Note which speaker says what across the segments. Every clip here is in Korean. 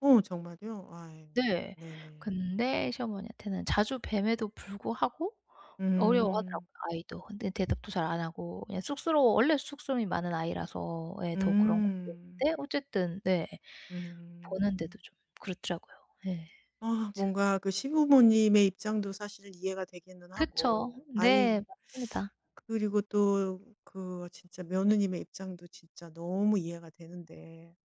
Speaker 1: 어 정말이요? 아 예
Speaker 2: 네.
Speaker 1: 네네.
Speaker 2: 근데 시어머니한테는 자주 뵘에도 불구하고
Speaker 1: 음.
Speaker 2: 어려워하더라고요 아이도. 근데 대답도 잘 안 하고 그냥 쑥스러워 원래 쑥스러움이 많은 아이라서 예 더 그런
Speaker 1: 음.
Speaker 2: 건데 어쨌든 네 보는데도
Speaker 1: 음.
Speaker 2: 좀 그렇더라고요. 예.
Speaker 1: 아
Speaker 2: 참.
Speaker 1: 뭔가 그 시부모님의 입장도 사실 이해가 되기는
Speaker 2: 그쵸.
Speaker 1: 하고 아이
Speaker 2: 네 맞습니다.
Speaker 1: 그리고 또 그 진짜 며느님의 입장도 진짜 너무 이해가 되는데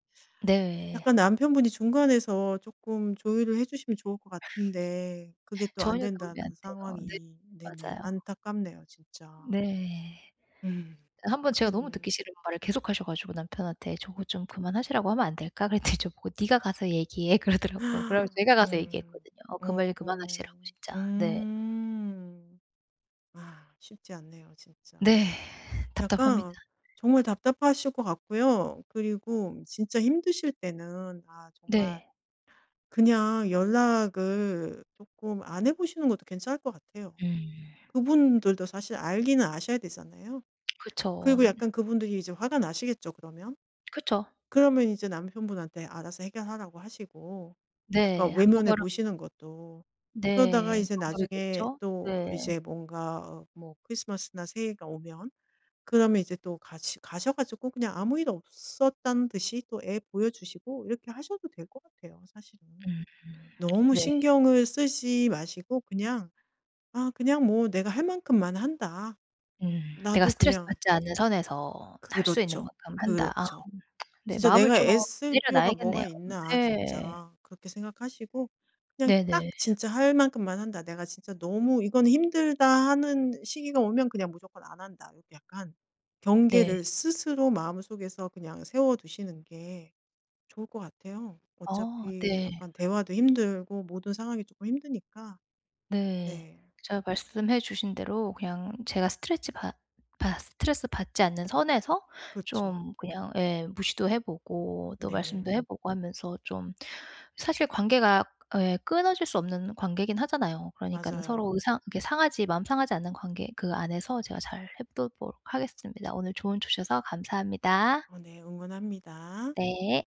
Speaker 2: 네.
Speaker 1: 약간 남편분이 중간에서 쪼끔 조율을 해 주시면 좋을 것 같은데 그게 또 안
Speaker 2: 전혀 도움이 안
Speaker 1: 된다는
Speaker 2: 돼요. 네
Speaker 1: 상황이 네네
Speaker 2: 맞아요.
Speaker 1: 안타깝네요, 진짜.
Speaker 2: 네.
Speaker 1: 음
Speaker 2: 1 번 제가 너무
Speaker 1: 그러면
Speaker 2: 듣기 싫은 말을 계속하셔 가지고 남편한테
Speaker 1: 예.
Speaker 2: "저거 좀 그만하시라고 하면 안 될까?" 그랬더니 저보고 "네가 가서 얘기해." 그러더라고요. 그래 가지고 제가 가서
Speaker 1: 음
Speaker 2: 얘기했거든요. 어 그
Speaker 1: 어
Speaker 2: 말 그만하시라고 진짜. 네.
Speaker 1: 음. 아 쉽지 않네요, 진짜.
Speaker 2: 네 답답합니다.
Speaker 1: 약간 정말 답답하실 것 같고요. 그리고 진짜 힘드실 때는 아 정말
Speaker 2: 네.
Speaker 1: 그냥 연락을 쪼끔 안 해 보시는 것도 괜찮을 것 같아요.
Speaker 2: 음.
Speaker 1: 그분들도 사실 알기는 아셔야 되잖아요.
Speaker 2: 그쵸.
Speaker 1: 그리고
Speaker 2: 음.
Speaker 1: 약간 그분들이 이제 화가 나시겠죠, 그러면.
Speaker 2: 그쵸.
Speaker 1: 그러면 이제 남편분한테 알아서 해결하라고 하시고 약간
Speaker 2: 네 한번
Speaker 1: 외면해
Speaker 2: 그럼
Speaker 1: 보시는 것도, 그러다가
Speaker 2: 네
Speaker 1: 이제 나중에
Speaker 2: 방법이겠죠.
Speaker 1: 또
Speaker 2: 네.
Speaker 1: 이제 뭔가 뭐 크리스마스나 새해가 오면 그러면 이제 또 같이 가셔 가지고 그냥 아무 일 없었다는 듯이 또 애 보여주시고 이렇게 하셔도 될 것 같아요 사실은.
Speaker 2: 음
Speaker 1: 너무
Speaker 2: 네.
Speaker 1: 신경을 쓰지 마시고 그냥 '아 그냥 뭐 내가 할 만큼만 한다.
Speaker 2: 음 내가
Speaker 1: 나도 그냥'
Speaker 2: 스트레스받지 않는 선에서 할 수 있는
Speaker 1: 그렇죠.
Speaker 2: 만큼 한다. 아
Speaker 1: 그렇죠.
Speaker 2: 네
Speaker 1: 진짜
Speaker 2: 마음을
Speaker 1: '내가
Speaker 2: 좀
Speaker 1: 애쓸 필요가
Speaker 2: 내려놔야겠네요.
Speaker 1: 뭐가 있나,
Speaker 2: 네.
Speaker 1: 진짜.' 그렇게 생각하시고 그냥 딱
Speaker 2: 네네.
Speaker 1: 진짜 할 만큼만 한다. '내가 진짜 너무 이거는 힘들다.' 하는 시기가 오면 그냥 무조건 안 한다. 요렇게 약간
Speaker 2: 네.
Speaker 1: 경계를 스스로 마음속에서 그냥 세워두시는 게 좋을 것 같아요.
Speaker 2: 어
Speaker 1: 어차피
Speaker 2: 네.
Speaker 1: 약간 대화도 힘들고 모든 상황이 쪼끔 힘드니까.
Speaker 2: 네.
Speaker 1: 네.
Speaker 2: 제가 말씀해 주신 대로 그냥 제가 스트레치 받 받 스트레스받지 않는 선에서
Speaker 1: 그쵸.
Speaker 2: 좀 그냥 예 무시도 해 보고 또
Speaker 1: 네네.
Speaker 2: 말씀도 해 보고 하면서 좀 사실 관계가 예 끊어질 수 없는 관계이긴 하잖아요. 그러니까 서로 의
Speaker 1: 맞아요.
Speaker 2: 상 이렇게 상하지 마음 상하지 않는 관계 그 안에서 제가 잘 해보도록 하겠습니다. 오늘 조언 주셔서 감사합니다.
Speaker 1: 어 네 응원합니다.
Speaker 2: 네.